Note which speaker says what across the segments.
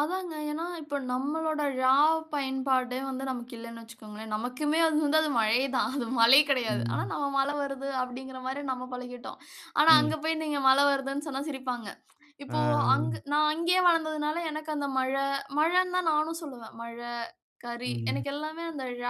Speaker 1: அதாங்க. ஏன்னா, இப்போ நம்மளோட ழ பயன்பாடே வந்து நமக்கு இல்லனு வச்சுக்கோங்களேன், நமக்குமே அது வந்து அது மழை தான் அது மலை கிடையாது. ஆனா
Speaker 2: ம்.
Speaker 1: நம்ம மல வருது அப்படிங்கற மாரி நம்ம பழகிட்டோம். ஆனா
Speaker 2: ம்.
Speaker 1: அங்க போய் நீங்க மல வருதுனு சொன்னா சிரிப்பாங்க. இப்போ அங்க்
Speaker 2: ஆ.
Speaker 1: நா அங்கேயே வளர்ந்ததனால எனக்கு அந்த மழை மழைனு தான் நானும் சொல்லுவேன். மழை, கரி
Speaker 2: ம்.
Speaker 1: எனக்கு எல்லாமே அந்த ழ,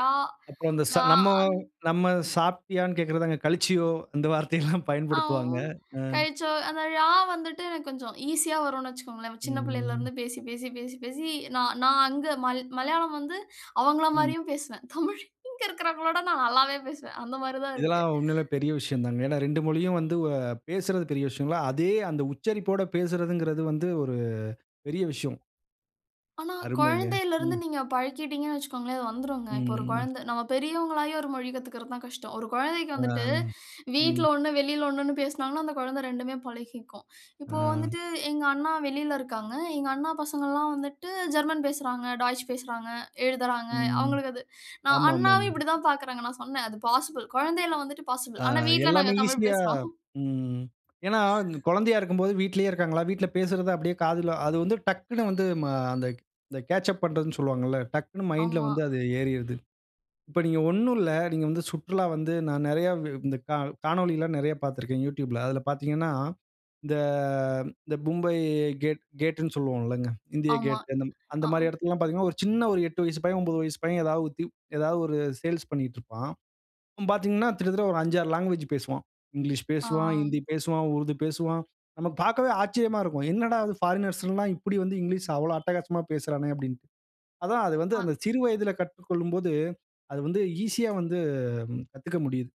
Speaker 2: அப்புறம் அந்த
Speaker 1: ங,
Speaker 2: சங் நம்ம
Speaker 1: அங்
Speaker 2: நம்ம சாப்பிட்டாயானு கேக்கிறது, அங்க கழிச்சியோ அந்த வார்த்தையெல்லாம்
Speaker 1: அ உ
Speaker 2: பயன்படுத்துவாங்க.
Speaker 1: ன்,
Speaker 2: ம்
Speaker 1: கழிச்சோ அந்த ழா வந்துட்டு எனக்கு கொஞ்சம் ஈசியா வரும்னு வெச்சுக்கோங்களேன். சின்ன
Speaker 2: ம்.
Speaker 1: பிள்ளைலே
Speaker 2: ம்.
Speaker 1: இருந்து பேசி பேசி பேசி பேசி, நான் நான் அங்க மல் மலையாளம் வந்து, அவங்கள
Speaker 2: ம்.
Speaker 1: மாரியும் பேசுவேன். தமிழ் இங்கே இருகவரங்களோட விட நான் நல்லாவே பேசுவேன். அந்த மாரி தான் இருக்கு.
Speaker 2: இதெல்லாம் உண்மையிலேயே பெரிய விஷயம் தாங்க. ஏன்னா 2 மொழியும் வந்து வ பேசறது பெரிய விஷியங்களா? அதே அந்த உச்சரிப்போடு பேசறதுங்கறது வந்து ஒரு பெரிய விஷயம்.
Speaker 1: ஆனா
Speaker 2: அருமைங்க.
Speaker 1: குழந்தைலருந்து
Speaker 2: ம்.
Speaker 1: நீங்க பழக்கிட்டீங்கன்னு வெச்சுக்கோங்களேன் அது வந்துருங்க.
Speaker 2: ம்
Speaker 1: இப்போ ஒரு
Speaker 2: ம்.
Speaker 1: குழந்த நம்ம பெரியவங்கள்லாயும் ஒரு மொழி கத்துக்கறது கஷ்டம். ஒரு குழந்தைக்கு வந்துட்டு
Speaker 2: அம்.
Speaker 1: வீட்ல
Speaker 2: ம்.
Speaker 1: ஒண்ணு, வெளியிலே ஒண்ணுனு பேசினாங்கனா அந்த குழந்தை 2டுமே பழகிக்கும். இப்போ
Speaker 2: அ.
Speaker 1: வந்துட்டு எங்க அண்ணா வெளில இருகாங்க. எங்க அண்ணா பசங்கல்லாம் வந்துட்டு ஜெர்மன் பேசுறாங்க, டச் பேசுறாங்க, எழுதுறாங்க.
Speaker 2: ம்.
Speaker 1: அவங்களுக்கு அது நான்
Speaker 2: ஆமாமாமா.
Speaker 1: அண்ணாவும்
Speaker 2: ம்.
Speaker 1: இப்படித்தான் பார்க்குராங்கா. நான் சொன்னேன் அது பாசிபிள் குழந்தைலே வந்துட்டு பாசிபிள்
Speaker 2: ஆ
Speaker 1: ஆனா வீட்ல
Speaker 2: எல்லாமே
Speaker 1: நாங்க தமிழ்
Speaker 2: ஈசியா
Speaker 1: பேசுறோம்.
Speaker 2: ம். ஏன்னா குழந்தையா இருக்கும்போது வீட்டிலேயே இருக்காங்களா? வீட்டில பேசுறது அப்படியே காதில அது வந்து டக்குனு வந்து ம அந்த கேட்ச் அப் பண்றதுனு சொல்லுவாங்களா. டக்குன்னு மைண்ட்ல
Speaker 1: ஆமா.
Speaker 2: வந்து அது ஏறிடுது. இப்போ நீங்க ஒண்ணும் இல்ல நீங்க வந்து சுற்றுலா வந்து நான் நிறைய இந்த க காணொளிலாம் நிறைய பார்த்திருக்கிறேன் Youtubeல. அதில பார்த்தீங்கன்னா, இந்த இந்த மும்பை கேட் கேட்னு சொல்லுவோம் இல்லங்க? இந்தியா
Speaker 1: ஆமா.
Speaker 2: கேட் அந்த
Speaker 1: ஆ.
Speaker 2: மாரி இடத்திலலாம் பார்த்தீங்கன்னா ஒரு சின்ன ஒரு 8 வயசு பையன் 9 வயசு பையன் ஏதாவது வுத் ஏதாவது ஒரு சேல்ஸ் பண்ணிட்டு இருப்பான். அவன் பார்த்தீங்கன்னா கிட்டத்தட்ட ஒரு 5, 6 லாங்குவேஜ் பேசுவான். இங்கிலீஷ்
Speaker 1: ஆ.
Speaker 2: பேசுவான், ஹிந்தி பேசுவான், உருது பேசுவான். நமக்கு பார்க்கவே ஆச்சரியமா இருக்கும்! என்னடா அது பாரிக்னர்ஸ் எல்லாம் இப்படி வந்து இங்கிலீஷ் அவ்வளோ அட்டகாசமா பேசுறானே அப்படினு. அதான் அது வந்து அந்த
Speaker 1: ஆ.
Speaker 2: சிறு வயதில கற்றுக்கொள்ளும்போது அது வந்து ஈசியா வந்து கத்துக்க முடியுது.